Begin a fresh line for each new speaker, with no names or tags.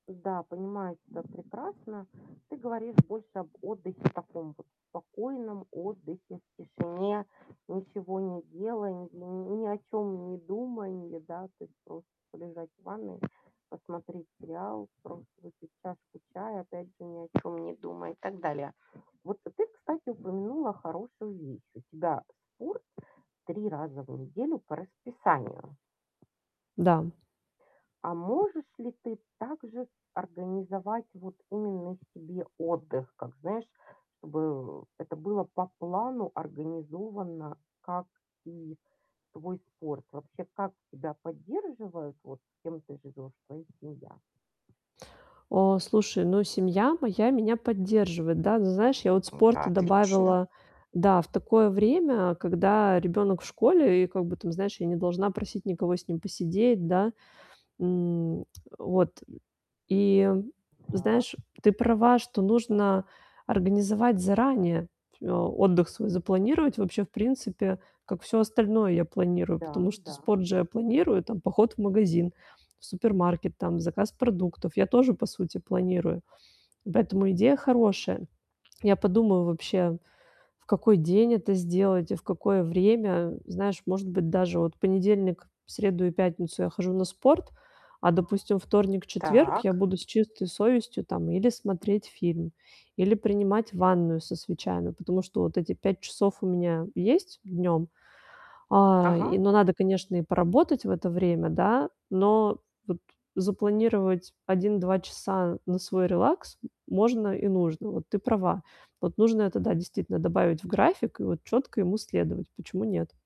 Да, понимаю тебя прекрасно. Ты говоришь больше об отдыхе таком вот, спокойном отдыхе в тишине, ничего не делая, ни ни ни о чём недуманья, да. То есть просто полежать в ванной, посмотреть сериал, просто выпить чашку чая, опять же, ни о чём не думая, и так далее. Вот ты, кстати, упомянула хорошую вещь. У тебя спорт 3 раза в неделю по расписанию.
Да.
А можешь ли ты также организовать вот именно себе отдых, как, знаешь, чтобы это было по плану организовано, как и твой спорт? Вообще, как тебя поддерживают, вот, кем ты живёшь, твоя семья?
А, слушай, ну, семья моя меня поддерживает, да. Знаешь, я вот
Это
спорта
отлично.
добавила, да, в такое время, когда ребёнок в школе, и, как бы, там, знаешь, я не должна просить никого с ним посидеть, да. М, вот. И,
Так.
знаешь, ты права, что нужно организовать заранее, отдых свой запланировать вообще, в принципе, как всё остальное я планирую.
Да,
Потому что
да.
спорт же я планирую, там, поход в магазин, в супермаркет, там, заказ продуктов я тоже, по сути, планирую. Поэтому идея хорошая. Я подумаю вообще, в какой день это сделать и в какое время. Знаешь, может быть, даже вот в понедельник, среду и пятницу я хожу на спорт, а, допустим, вторник, четверг я
Так.
буду с чистой совестью, там, или смотреть фильм, или принимать ванную со свечами, потому что вот эти 5 часов у меня есть днём, а, и,
Ага.
но надо, конечно, и поработать в это время, да. Но вот запланировать 1-2 часа на свой релакс м можно и нужно. Вот, ты права. Вот, нужно это, да, действительно, добавить в график и вот чётко ему следовать. Почему нет?